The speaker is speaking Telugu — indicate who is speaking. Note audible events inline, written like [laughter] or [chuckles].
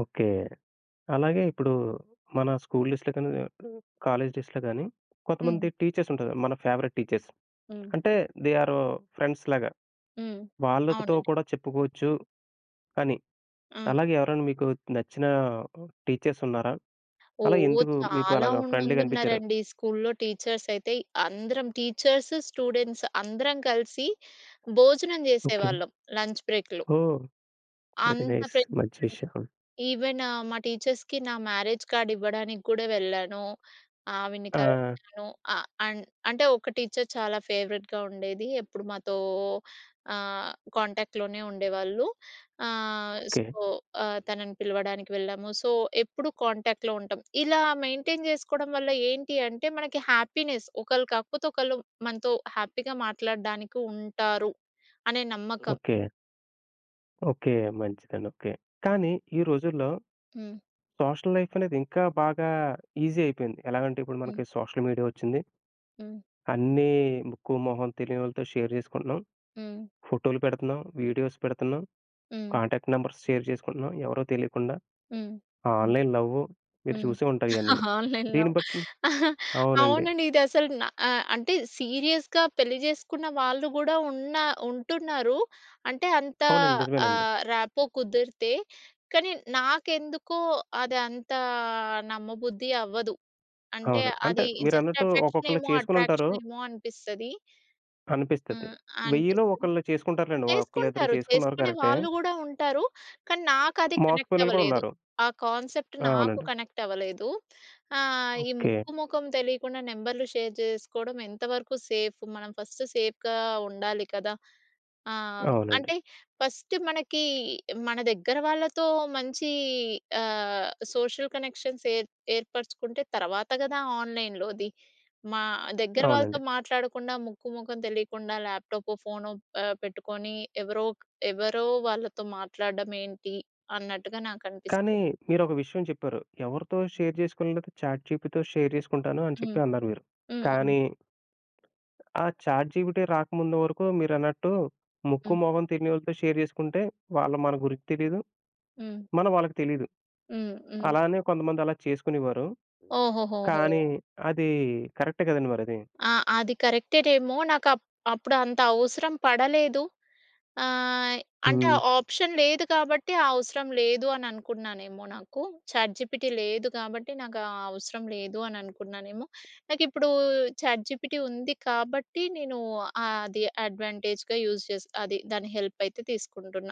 Speaker 1: ఓకే. అలాగే ఇప్పుడు మన స్కూల్ డేస్‌లో గాని, ఆహ్, ఆహ్, కాలేజ్ డేస్‌లో గాని
Speaker 2: హ్మ్.
Speaker 1: కొంతమంది టీచర్సుంటారు. మన ఫేవరెట్ టీచర్స్.
Speaker 2: హ్మ్.
Speaker 1: అంటే దే ఆరు ఫ్రెండ్స్‌లాగా.
Speaker 2: హ్మ్.
Speaker 1: వాళ్ళతో
Speaker 2: అవునండి.
Speaker 1: కూడా చెప్పుకోవచ్చు అని.
Speaker 2: ఆ!
Speaker 1: అలాగే ఎవరైనా మీకు నచ్చిన టీచర్సున్నారా? అలా
Speaker 2: ఓహ్!
Speaker 1: ఎందుకు మీకు
Speaker 2: చాలా
Speaker 1: అలాగా
Speaker 2: ఉంది
Speaker 1: ఫ్రెండ్‌లీగా అనిపిచ్చారు?
Speaker 2: మందున్నారండి. స్కూల్‌లో టీచర్సయితే అందరం టీచర్స్, స్టూడెంట్స్ అందరం కలిసి భోజనం
Speaker 1: ఓకే.
Speaker 2: జేసేవాళ్ళం. లంచ్ బ్రేక్‌లో.
Speaker 1: ఓహ్! వెరీ
Speaker 2: అంత
Speaker 1: నైస్. మంచి
Speaker 2: ఫ్రెండ్షిప్ అండి.
Speaker 1: విషయం.
Speaker 2: ఈవెన్ మా టీచర్స్‌కి నా మ్యారేజ్ కార్డ్ ఇవ్వడానికి గూడా వెళ్ళాను. ఆవిడని
Speaker 1: ఆ!
Speaker 2: కలిశాను. ఆహ్, అండ్ అంటే ఒక టీచర్ చాలా ఫేవరెట్‌గా ఉండేది. ఎప్పుడు మాతో ఆహ్, కాంటాక్ట్‌లోనే ఉండేవాళ్ళు. ఆహ్,
Speaker 1: ఓకే.
Speaker 2: సో, ఆహ్, తనని పిలవడానికి వెళ్ళాము. సో, ఎప్పుడు కాంటాక్ట్‌లో ఉంటాం. ఇలా మెయింటైన్ జేసుకోవడం వల్ల ఏంటి అంటే మనకి హ్యాపీనెస్ ఒకళ్ళు కాకపోతే ఒకళ్ళు మనతో హ్యాపీగా మాట్లాడడానికి ఉంటారు అనే నమ్మకం.
Speaker 1: ఓకే. ఓకే. మంచిదండి. ఓకే. కానీ ఈ రోజుల్లో
Speaker 2: హ్మ్.
Speaker 1: సోషల్ లైఫనేది ఇంకా బాగా ఈజీ అయిపోయింది. ఎలాగంటే ఇప్పుడు మనకి
Speaker 2: హ్మ్.
Speaker 1: సోషల్ మీడియా ఒచ్చింది.
Speaker 2: హ్మ్.
Speaker 1: అన్నీ ముక్కు, మొహం తెలియనోళ్ళతో షేర్ జేసుకుంటున్నాం.
Speaker 2: హ్మ్.
Speaker 1: ఫోటో‌లు పెడుతున్నాం. వీడియోస్ పెడుతున్నాం.
Speaker 2: హ్మ్.
Speaker 1: కాంటాక్ట్ నంబర్స్ షేర్ జేసుకుంటున్నాం ఎవరో తెలియకుండా.
Speaker 2: హ్మ్. హ్మ్.
Speaker 1: ఆన్‌లైన్ లవ్వు మీరు
Speaker 2: హ్మ్.
Speaker 1: చూసే ఉంటారు ఇయనిన్ని.
Speaker 2: [chuckles] ఆన్‌లైన్‌లో
Speaker 1: దీన్ని బట్టి
Speaker 2: [chuckles]
Speaker 1: అవునండి.
Speaker 2: అవునండి. ఇదసలు న ఆహ్, అంటే సీరియస్‌గా పెళ్లి జేసుకున్న వాళ్ళు కూడా ఉన్నా ఉంటున్నారు. అంటే అంత
Speaker 1: అవునండి. నిజమేనండి.
Speaker 2: ఆహ్, ర్యాపో కుదిరితే. కానీ నాకెందుకో అదంత నమ్మబుద్ధి అవ్వదు. అంటే
Speaker 1: అవును. అంటే
Speaker 2: అది
Speaker 1: మీరన్నట్టు ఒక్కొక్కళ్ళు
Speaker 2: అఫెక్షనేమో
Speaker 1: చేసుకొనుంటారు
Speaker 2: అట్రాక్షనేమో అనిపిస్తది.
Speaker 1: అనిపిస్తది.
Speaker 2: ఆహ్,
Speaker 1: వెయ్యిలో
Speaker 2: అనిపిస్తుంది.
Speaker 1: ఒకళ్ళు చేసుకుంటారులెండి. ఒకళ్ళిద్దరు
Speaker 2: చేసుకుంటారు.
Speaker 1: చేసుకున్నారు
Speaker 2: చేసుకునే
Speaker 1: కరెక్టే.
Speaker 2: వాళ్ళు కూడా ఉంటారు. కానీ నాకది
Speaker 1: మోసపోయినోళ్ళు కూడా
Speaker 2: కనెక్టవ్వలేదు.
Speaker 1: ఉన్నారు.
Speaker 2: ఆ కాన్సెప్ట్ నాకు
Speaker 1: అవునండి.
Speaker 2: కనెక్టవ్వలేదు. ఆహ్, ఈ
Speaker 1: ఓకే.
Speaker 2: ముక్కు మొఖం తెలికుండా నెంబర్‌లు షేర్ జేసుకోవడం ఎంతవరకు సేఫు. మనం ఫస్ట్ సేఫ్‌గా ఉండాలి కదా! ఆహ్,
Speaker 1: అవునండి.
Speaker 2: అంటే ఫస్ట్ మనకి మన దగ్గర వాళ్ళతో మంచి ఆహ్, సోషల్ కనెక్షన్స్ ఏ ఏర్పరుచుకుంటే తర్వాత గదా ఆన్‌‌లైన్‌లోది. మా దగ్గర వాళ్ళతో
Speaker 1: అవునండి.
Speaker 2: మాట్లాడకుండా ముక్కు మొఖం తెలికుండా ల్యాపటాపో, ఫోనో ఆహ్, పెట్టుకొని ఎవరో ఒక్ ఎవరో వాళ్ళతో మాట్లాడడం ఏంటి? అన్నట్టుగా నాకనిపిస్తది.
Speaker 1: కానీ మీరొక విషయం చెప్పారు. ఎవరితో షేర్ చేసుకోలేనట్టు చాట్‌జిపితో షేర్ జేసుకుంటాను అని చెప్పి
Speaker 2: హ్మ్.
Speaker 1: అన్నారు మీరు.
Speaker 2: హ్మ్. హ్మ్.
Speaker 1: కానీ, ఆ చాట్‌జిపిటి రాకముందు వరకు మీరన్నట్టు ముక్కు
Speaker 2: హ్మ్.
Speaker 1: మొహం తెలీనోళ్ళతో షేర్ జేసుకుంటే వాళ్ళు మన గురించి తెలీదు.
Speaker 2: హ్మ్.
Speaker 1: మనం వాళ్ళకి తెలీదు.
Speaker 2: హ్మ్. హ్మ్.
Speaker 1: అలానే కొంతమంది అలా చేసుకునేవారు.
Speaker 2: ఓహోహోహో!
Speaker 1: కానీ అది కరెక్టే గదండీ మరది.
Speaker 2: ఆ! అది కరెక్టేటేమో నాకప్ప్ అప్పుడు అంత అవసరం పడలేదు. ఆహ్, అంటే
Speaker 1: హ్మ్.
Speaker 2: ఆప్షన్ లేదు కాబట్టి ఆ అవసరం లేదు అని అనుకున్నానేమో నాకు. చాట్‌జిపిటి లేదు కాబట్టి నాకు ఆ అవసరం లేదు అని అనుకున్నానేమో. నాకిప్పుడు చాట్‌జిపిటి ఉంది కాబట్టి, నేను అది అడ్వాంటేజ్‌గా యూజ్ జేసి అది దాని హెల్పయితే తీసుకుంటున్నా.